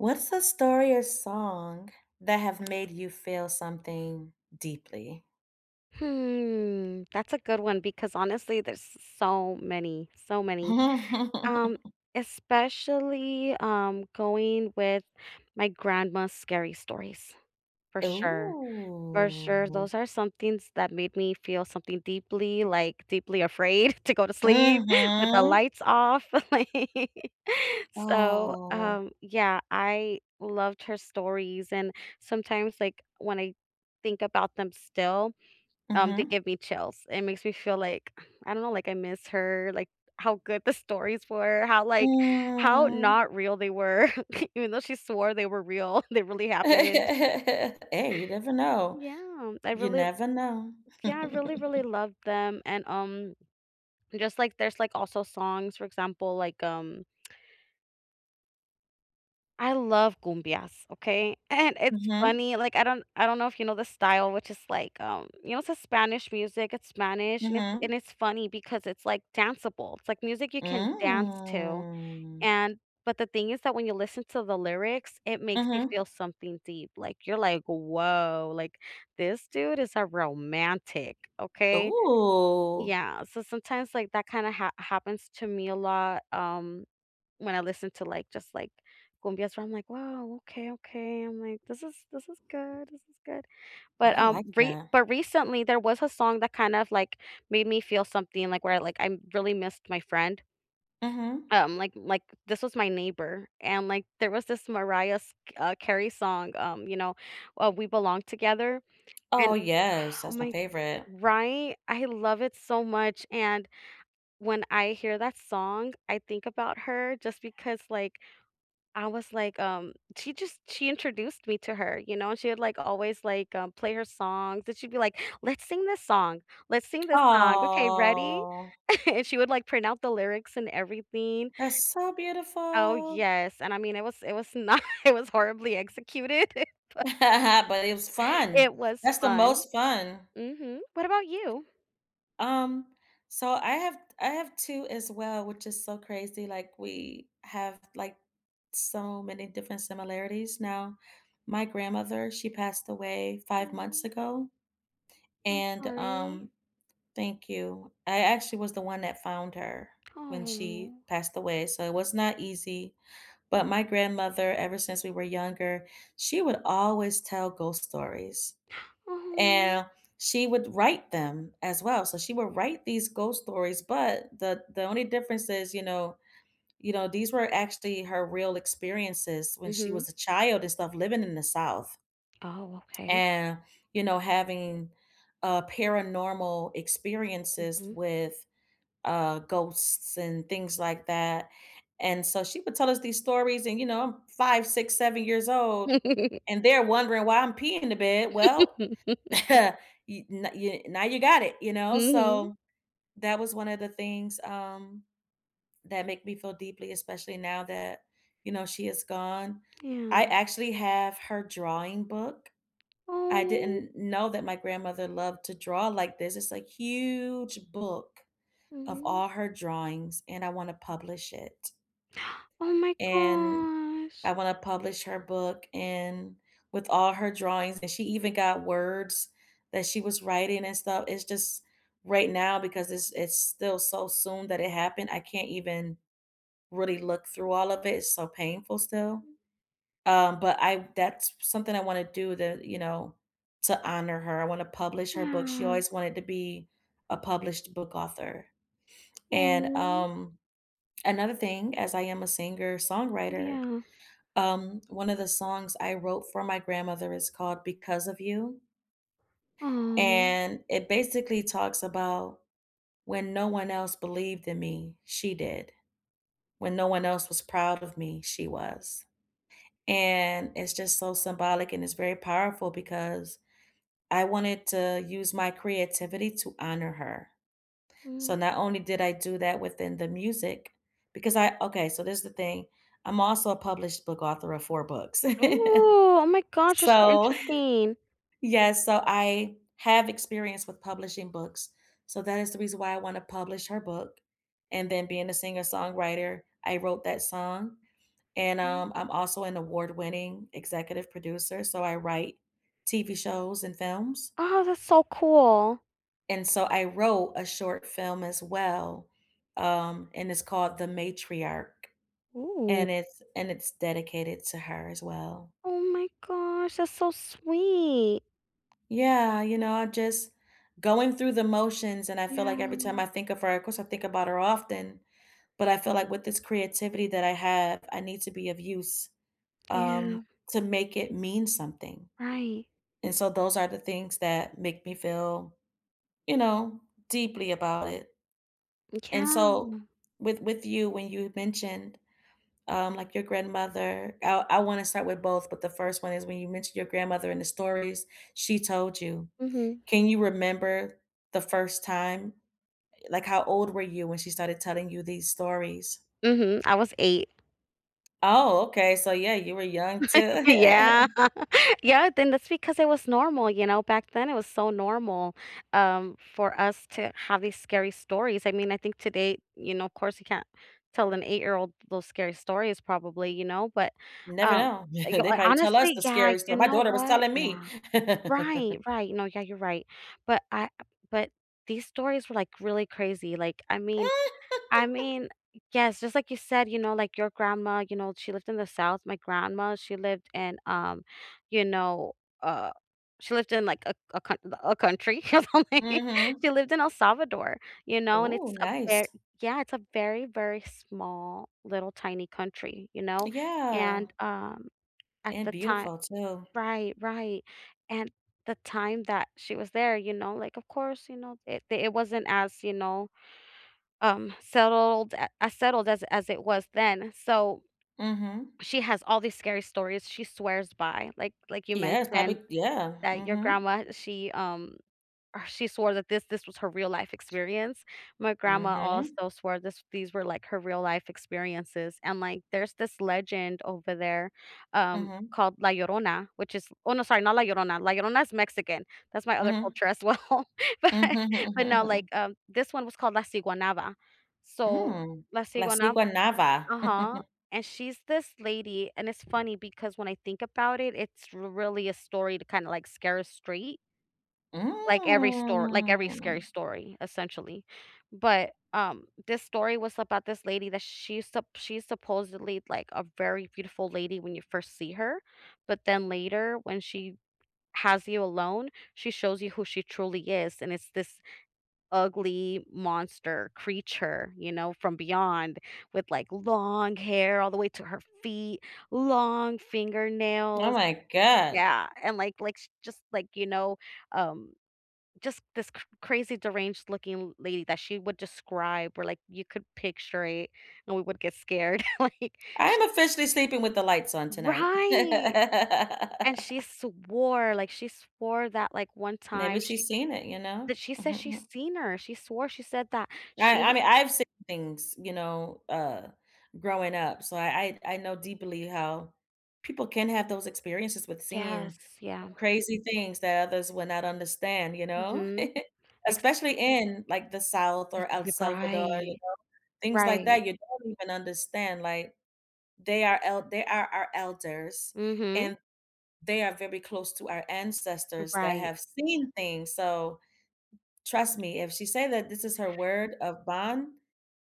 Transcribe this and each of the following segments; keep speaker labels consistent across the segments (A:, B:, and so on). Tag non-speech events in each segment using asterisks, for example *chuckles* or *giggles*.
A: What's the story or song that have made you feel something deeply?
B: Hmm. That's a good one because, honestly, there's s so many, so many, um,
A: *laughs*
B: especially, um, going with my grandma's scary stories, for sure. For sure,
A: Ooh.
B: those are some things that made me feel something deeply, like, deeply afraid to go to sleep *chuckles* with the
A: Mhm.
B: lights off. *laughs* So,
A: Oh.
B: um, yeah, I loved her stories, and sometimes, like, when I think about them still, um, they
A: Mhm.
B: give me chills. It makes me feel like I don't know like, I miss her, like, how good the stories were, how, like how
A: Mm.
B: not real they were. *chuckles* Even though she swore they were real, they really happened. *laughs*
A: *laughs* Hey, you never know.
B: Yeah. I
A: You
B: really l
A: never know.
B: Yeah, I really, really
A: *chuckles*
B: love them. And, um, just, like there's, like, also songs, for example, like, um *smacks lips* I love cumbias, okay? And it's
A: Mhm.
B: funny, like, I don't I don't know if you know the style, which is like, um you know, it's a Spanish music. It's Spanish, and it's and
A: Mhm.
B: it's funny because it's, like, danceable. It's like music you can dance to,
A: Mm.
B: and but the thing is that when you listen to the lyrics, it makes you
A: Mhm.
B: feel something deep. Like, you're like, "Woah. Like, this dude is a romantic, okay?"
A: Ooh.
B: Yeah. So, sometimes, like, that kinda hap happens to me a lot, um, when I listen to, like, just, like, cumbias where I'm like, "Whoa. Okay, okay." I'm like, "This is this is good. This is good." But,
A: I
B: um,
A: like
B: re
A: that.
B: but recently, there was a song that kind of, like, made me feel something, like, where, like, I really missed my friend
A: Mhm.
B: um, like like, this was my neighbor, and, like, there was this Mariah s uh, Carey song, um, you know, uh, "We Belong Together" and
A: Oh, yes.
B: *exhales* oh,
A: That's my
B: my
A: favorite.
B: Right? I love it so much, and when I hear that song, I think about her just because, like I was like, um she just she introduced me to her, you know? And she had, like, always, like, um, play her songs, and she'd be like, "Let's sing this song. Let's sing this song. Okay, ready?"
A: Aw.
B: *chuckles* And she would, like, print out the lyrics and everything.
A: That's so
B: Oh,
A: beautiful.
B: yes. And, I mean, it was it was not it was horribly executed, but
A: *laughs* But it was fun.
B: it was
A: That's the
B: fun.
A: most fun.
B: Mhm. What about you?
A: Um, so I have I have 2 as well, which is so crazy. Like, we have, like, so many different similarities now. My grandmother, she passed away 5 months
B: Oh.
A: ago,
B: I'm
A: and,
B: sorry.
A: um Thank you. I actually was the one that found her when she
B: Oh.
A: passed away, so it was not easy. But my grandmother, ever since we were younger, she would always tell ghost stories,
B: *gasps* Oh, n
A: and she would write them as well. So, she would write these ghost stories, but the the only difference is, you know you know, these were actually her real experiences when she
B: Mhm.
A: was a child and stuff living in the South
B: Oh, okay.
A: and, you know, having, uh, paranormal experiences
B: Mhm.
A: with, uh, ghosts and things like that. And so, she would tell us these stories, and, you know I'm 5, 6, 7 years old,
B: *laughs*
A: and they're wondering why I'm peeing in the bed. Well,
B: *laughs*
A: *chuckles* you no you now you got it, you know?
B: Mhm.
A: So, that was one of the things, um, that make me feel deeply, especially now that, you know, she is gone. I
B: Man
A: actually have her drawing book. I
B: Oh.
A: didn't know that my grandmother loved to draw like this. It's a huge book of
B: Oh.
A: all her drawings, and I wanna publish it
B: *gasps* Oh, my
A: and
B: gosh.
A: I wanna publish her book, and with all her drawings and she even got words that she was writing and stuff. It's just right now, because it's it's still so soon that it happened, I can't even really look through all of it. It's so painful still,
B: Mm.
A: um, but I that's s something I wanna do to, you know to honor her. I wanna publish her book. She
B: Wow.
A: always wanted to be a published book author. And,
B: Oh.
A: um, another thing, as I am a singer-songwriter,
B: Yeah.
A: um, one of the songs I wrote for my grandmother is called "Because of You"
B: Oh.
A: and it basically talks about when no one else believed in me, she did. When no one else was proud of me, she was. And it's just so symbolic, and it's very powerful because I wanted to use my creativity to honor her. So,
B: Mhm.
A: not only did I do that within the music because I okay, so this is the thing: I'm also a published book author of 4 books.
B: Ooh,
A: *chuckles*
B: oh, my gosh. You're so
A: So
B: interesting.
A: yes, so I have experience with publishing books, so that is the reason why I wanna publish her book. And then being a singer-songwriter, I wrote that song. And,
B: Mm.
A: um, I'm also an award-winning executive producer, so I write TV shows and films.
B: Oh, that's so cool.
A: And so I wrote a short film as well, um, and it's called The Matriarch,
B: Ooh.
A: and it's and it's dedicated to her as well.
B: Oh my gosh, that's so sweet.
A: Yeah, you know, I just going through the motions, and I feel
B: Yeah.
A: like every time I think of her of course, I think about her often. But I feel like with this creativity that I have, I need to be of use, um,
B: Yeah.
A: to make it mean something.
B: Right.
A: And, so, those are the things that make me feel, you know, deeply about it. And,
B: Yeah.
A: so, with with you, when you mentioned, um, like, your grandmother I I wanna start with both, but the 1st one is when you mentioned your grandmother and the stories she told you
B: Mhm.
A: can you remember the 1st time? Uh, like, how old were you when she started telling you these stories?
B: Mhm, I was 8.
A: Oh, okay so, yeah, you were young
B: *laughs*
A: too.
B: Yeah,
A: *chuckles*
B: yeah then that's because it was normal, you know, back then, it was so normal, um, for us to have these scary stories I mean, I think today you know, of course, you can't tell an eight-year-old those scary stories probably, you know, but,
A: Never
B: um,
A: know.
B: you
A: *chuckles* They
B: ho
A: probably tell us
B: honestly
A: the
B: yeah,
A: scary
B: you
A: story my
B: know
A: daughter was
B: what,
A: telling me
B: yeah. Right,
A: *chuckles*
B: right, no, yeah, you're right, but, I but, these stories were, like, really crazy, like, I mean I mean,
A: *laughs*
B: yes just like you said, you know, like, your grandma, you know, she lived in the South, my grandma, she lived in, um, you know, uh she lived in, like, a a coun a a country. *laughs*
A: Mhm.
B: *unintelligible* She lived in El Salvador, you know, and
A: Ooh,
B: it's a ver
A: nice.
B: Yeah, it's a very, very small little tiny country, you know,
A: Yeah.
B: and, um, at
A: And
B: the time
A: beautiful too.
B: Right, right, and, the time that she was there, you know, like, of course, you know, it the it wasn't as, you know, um, settled a as settled as as it was then, so,
A: Mhm.
B: she has all these scary stories, she swears by. Like like you
A: Yes, probably
B: mentioned
A: Yeah,
B: that your
A: mhm.
B: grandma she, um, ugh, she swore that this this was her real life experience. My grandma
A: Mhm.
B: also swore this these were, like, her real life experiences, and, like, there's this legend over there, um,
A: Mhm.
B: called La Llorona, which is oh no, sorry, not La Llorona- La Llorona's Mexican, that's my other
A: Mhm.
B: culture as well, but but not, like,
A: *chuckles*
B: um this one was called La Siguanaba. So,
A: Mm.
B: La
A: La
B: Siguanab
A: Siguanaba.
B: Uh-huh,
A: *chuckles*
B: and she's this lady and it's funny because when I think about it, it's really a story to kinda, like, scare us straight. Like, every stor like, every scary
A: Mm.
B: story, essentially. But, um, this story was about this lady that she's supp she's supposedly, like, a very beautiful lady when you first see her, but then later, when she has you alone, she shows you who she truly is, and it's this ugly monster creature, you know, from beyond, with, like, long hair all the way to her feet, long
A: Oh,
B: fingernails
A: my god.
B: Yeah, and, like like, she just, like, you know, um just this cr crazy deranged looking lady that she would describe where, like, you could picture it, and we would get scared, like,
A: I am
B: she'd
A: officially sleeping with the lights on tonight.
B: Right. And she
A: *laughs*
B: swore, like, she swore that, like, one
A: Maybe
B: time she
A: she's seen it, you know?
B: That she said she's
A: *chuckles*
B: seen her. She swore, she said that
A: I
B: she
A: I mean, I've seen things, you know, uh, growing up. So, I I I know deeply how people can have those experiences with
B: Yes,
A: seeing
B: yeah.
A: crazy things that others would not understand, you know?
B: Mhm.
A: *chuckles*
B: Ex
A: Especially in, like, the South
B: That's
A: or El
B: Y
A: Salvador, you
B: Right.
A: know? Things like
B: Right.
A: that, you don't even understand, like, they are el they are our elders,
B: Mhm.
A: and they are very close to our
B: M
A: ancestors that
B: Right.
A: have seen things, so trust me, if she say that this is her word of bond,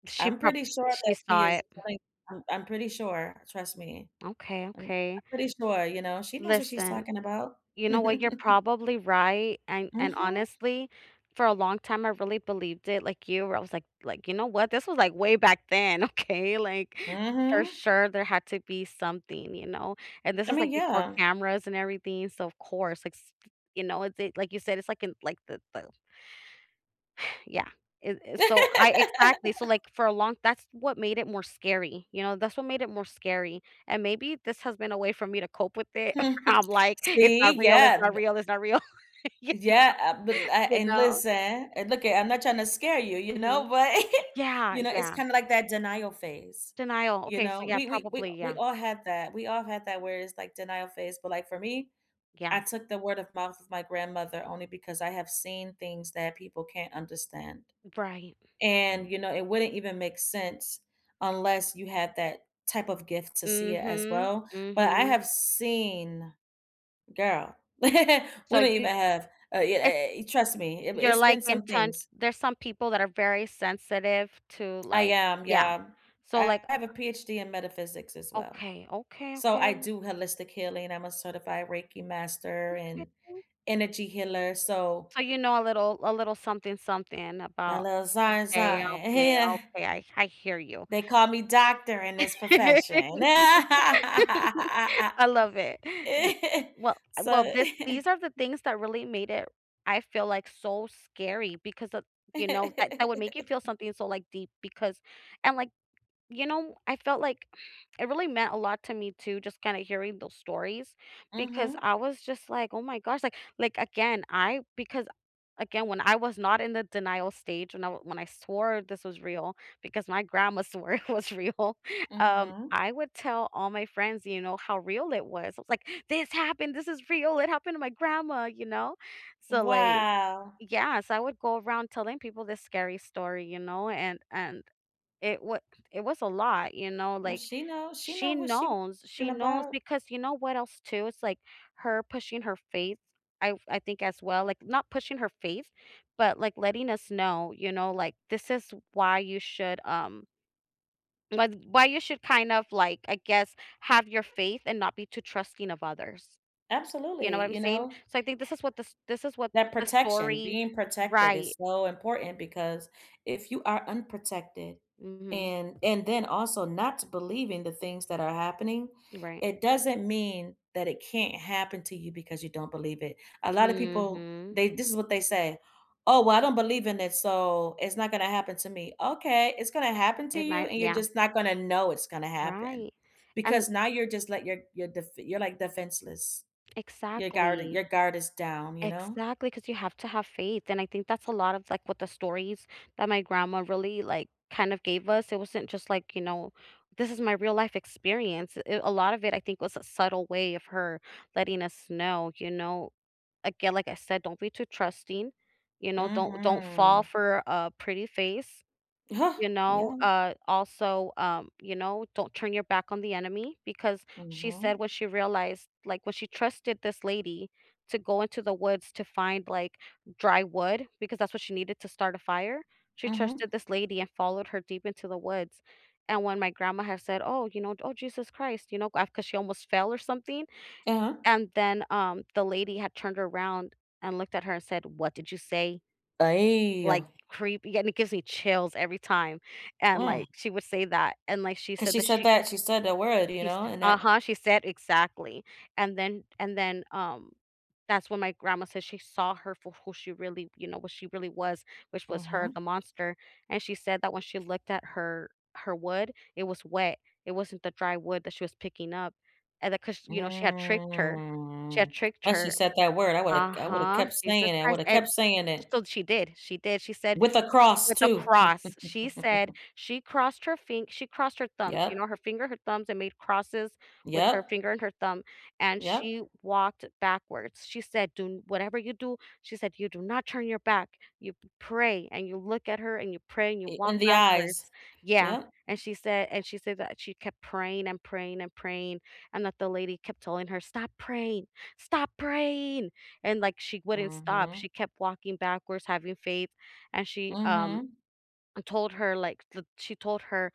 B: She
A: I'm
B: prob
A: pretty sure
B: She
A: that she
B: saw
A: is
B: it. Mm.
A: telling Um, I'm pretty sure, trust me.
B: Okay,
A: I'm
B: okay.
A: pretty sure, you know? She knows what she's
B: Listen.
A: talking about.
B: You know what, you're
A: *chuckles*
B: probably right, and and,
A: Mhm.
B: honestly, for a long time I really believed it, like you, where I was, like like, "You know what? This was, like, way back then, okay, like, for
A: Mhm.
B: sure, there had to be something, you know? And this
A: I
B: is,
A: mean,
B: like, before
A: yeah.
B: cameras and everything, so, of course, like, s f you know, it's it like you said, it's like, in like, the the *sighs* yeah. It it So, I Exactly. So,
A: *laughs*
B: like, for a long That's what made it more scary, you know? That's what made it more scary, and maybe this has been a way for me to cope with it. *laughs*
A: *chuckles*
B: I'm, like, "It's not
A: See?
B: real, it's
A: Yeah,
B: not
A: the
B: real, it's not real." *laughs* you know?
A: Yeah, uh, but la
B: You
A: and
B: know?
A: listen. Uh, look it, I'm not trying to scare you, you know,
B: Mhm.
A: but, *giggles*
B: Yeah,
A: you know, it's
B: yeah.
A: kinda like that denial phase.
B: Denial.
A: You
B: Okay, so,
A: know?
B: yeah,
A: We we we
B: probably,
A: we
B: yeah.
A: all have that. We all have that, where it's, like, denial phase. But, like, for me, I
B: Yeah.
A: took the word-of-mouth of my grandmother only because I have seen things that people can't understand,
B: Right.
A: and,
B: Right.
A: you know, it wouldn't even make sense unless you had that type of gift to see it, as
B: Mhm.
A: well. But I
B: Mhm.
A: have seen Girl *laughs* We
B: So,
A: don't
B: you
A: even have Uh, yeah,
B: It's
A: eh eh, e trust me. It wa
B: You're,
A: It's
B: like,
A: been some
B: intense
A: things.
B: There's some people that are very sensitive to,
A: I
B: like
A: am,
B: Yeah.
A: yeah.
B: So,
A: I
B: like I
A: have a
B: I
A: PhD in metaphysics, as well.
B: Okay, okay,
A: So, I
B: okay.
A: do holistic healing. I'm a certified Reiki master and
B: Okay.
A: energy healer, so
B: So, you know, a little a little something something
A: A
B: about
A: little something
B: Okay,
A: something. A
B: okay,
A: Yeah.
B: okay, I I hear you.
A: They call me doctor in this
B: *laughs*
A: profession. *laughs*
B: I love it. Do d well, uh, well,
A: So
B: this these
A: *chuckles*
B: are the things that really made it I feel, like, so scary because of, you know that that would make you feel
A: *laughs*
B: something so, like, deep, because And, like, you know, I felt like *exhales* it really meant a lot to me too just kinda hearing those stories, because
A: Mhm.
B: I was just, like, "Oh, my gosh," like like, again, I because, again, when I was not in the denial stage, when I when I swore this was real, because my grandma swore it was real, um,
A: Mhm.
B: I would tell all my friends, you know, how real it was, I was, like, "This happened! This is real, it happened to my grandma," you know? So, like
A: Wow.
B: Yes, I would go around telling people this scary story, you know? And and it wa it was a lot, you know,
A: Well,
B: like,
A: she know she know
B: she
A: what she
B: knows, she
A: talking
B: knows
A: about.
B: because you know what else too, it's, like, her pushing her faith, I've I think, as well, like, not pushing her faith, but, like, letting us know, you know, like, this is why you should, um la th why you should kind of, like, I guess, have your faith, and not be too trusting of others. You know what
A: Absolutely,
B: I'm
A: you
B: saying?
A: know?
B: So, I think this is what this this is what
A: That
B: the
A: protection,
B: story
A: being protected
B: Right.
A: is so important, because if you are unprotected,
B: Mhm.
A: and and then also not to believe in the things that are happening,
B: Right.
A: it doesn't mean that it can't happen to you because you don't believe it. A lotta people,
B: Mhm.
A: they this is what they say. "Oh, well, I don't believe in it, so, it's not gonna happen to me." "Okay. It's gonna happen to
B: It
A: you,
B: might
A: and you're
B: Yeah.
A: just not gonna know it's gonna happen."
B: Right, and
A: Because now you're just let your your defe you're, like, defenseless. Your guarded
B: Exactly.
A: Your guard is down, you know?
B: Exactly, 'cause you have to have faith, and I think that's a lot of, like, what the stories that my grandma really, like, kind of gave us, it wasn't just, like, you know this is my real life experience, it a lot of it, I think, was a subtle way of her letting us know, you know again, like I said, don't be too trusting, you know, don't don't fall
A: Mhm.
B: for a pretty face.
A: Uh-huh.
B: You know?
A: Yeah.
B: Uh, also, um, you know, don't turn your back on the enemy, because she said
A: Mhm.
B: when she realized, like, when she trusted this lady to go into the woods to find, like, dry wood- because that's what she needed to start a fire- she trusted
A: Mhm.
B: this lady, and followed her deep into the woods, and when my grandma had said, "Oh, you know, d oh, Jesus Christ," you know, ga 'cause she almost fell or something,
A: Uh-huh.
B: and then, um, the lady had turned around, and looked at her and said, "What did you say?" like,
A: Aye.
B: creepy, and it gives me chills every time, and,
A: Mm.
B: like, she would say that, and, like, she
A: 'Cause
B: said
A: she
B: that
A: said
B: she
A: that she said the word, you
B: she
A: know,
B: st
A: and that
B: Uh-huh, she said Exactly, and then and then, um, that's when my grandma said she saw her for who she really you know, what she really was, which was her, the
A: Mhm.
B: monster, and she said that when she looked at her her wood, it was wet, it wasn't the dry wood that she was picking up, and then 'cause, you know, she had tricked her. She had
A: Mm.
B: tricked
A: Plus you
B: her
A: said that word, I woulda k I woulda
B: Uh-huh.
A: kept
B: Jesus
A: saying it. I
B: Christ,
A: woulda
B: a
A: kept
B: s uh,
A: saying it
B: so she did, she did, she said
A: with a cross
B: with a
A: too.
B: cross. She said
A: *chuckles*
B: she crossed her fing she crossed her thumbs, you
A: Yep.
B: know, her finger, her thumbs, and made crosses with her
A: Yep.
B: finger and her thumb, and
A: Yep.
B: she walked backwards. She said, "Do n Whatever you do," she said, "You do not turn your back. You p pray, and you look at her, and you pray, and you
A: I
B: walk
A: In the eyes.
B: backwards." Yeah,
A: Yep.
B: and she said and she said that she kept praying and praying and praying, and that the lady kept telling her, "Stop praying. Stop praying!" and, like, she wouldn't stop, she
A: Mhm.
B: kept walking backwards, having faith, and she, um,
A: Mhm.
B: uh, told her, like, that she told her,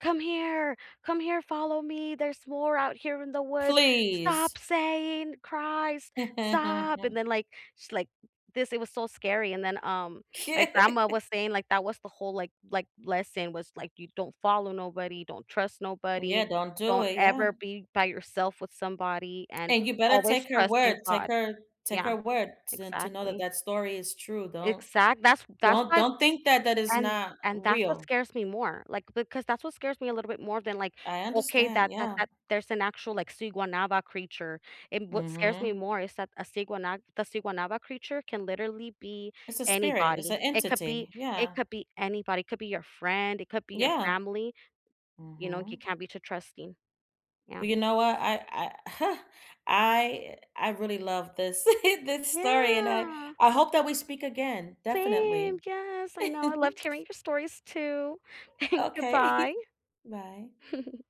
B: "Come here! Come here, follow me, there's more out here in the woods.
A: Please!
B: Stop saying Christ! Stop!" and
A: *laughs*
B: then, like, she, like this it was so scary, and then, um, my grandma
A: *laughs*
B: was saying, like, that was the whole, like like, lesson, was, like, you don't follow nobody, don't trust nobody,
A: Yeah, don't do
B: don't
A: it. Yeah.
B: ever be by yourself with somebody, and
A: And you better
B: always
A: take her
B: trust in
A: word. Take
B: God.
A: her take her
B: Yeah,
A: word to to know that
B: exactly.
A: that story is true. Don't
B: Exact That's that's
A: don't
B: why
A: don't think that that it's
B: and
A: not
B: and that's what
A: real.
B: scares me more, like, because that's what scares me a little bit more than, like,
A: I
B: okay,
A: understand,
B: that that
A: yeah.
B: that there's an actual, like, Siguanaba creature, and what scares me
A: Mhm.
B: more is that a Siguana the Siguanaba creature can literally be
A: It's a spirit. It's
B: anybody,
A: a
B: it could be
A: entity.
B: it
A: Yeah.
B: could be anybody, it could be your friend, it could be your
A: Yeah.
B: family, you know, you
A: Mhm.
B: can't be too trusting. Yeah.
A: Well, you know what? I I *laughs* I I really loved this, *laughs* this story and I
B: Yeah.
A: I hope that we speak again.
B: Same,
A: Definitely.
B: yes, I know, I loved
A: *laughs*
B: hearing your stories too, *chuckles*
A: Okay.
B: Goodbye.
A: *giggles* Bye.
B: *giggles*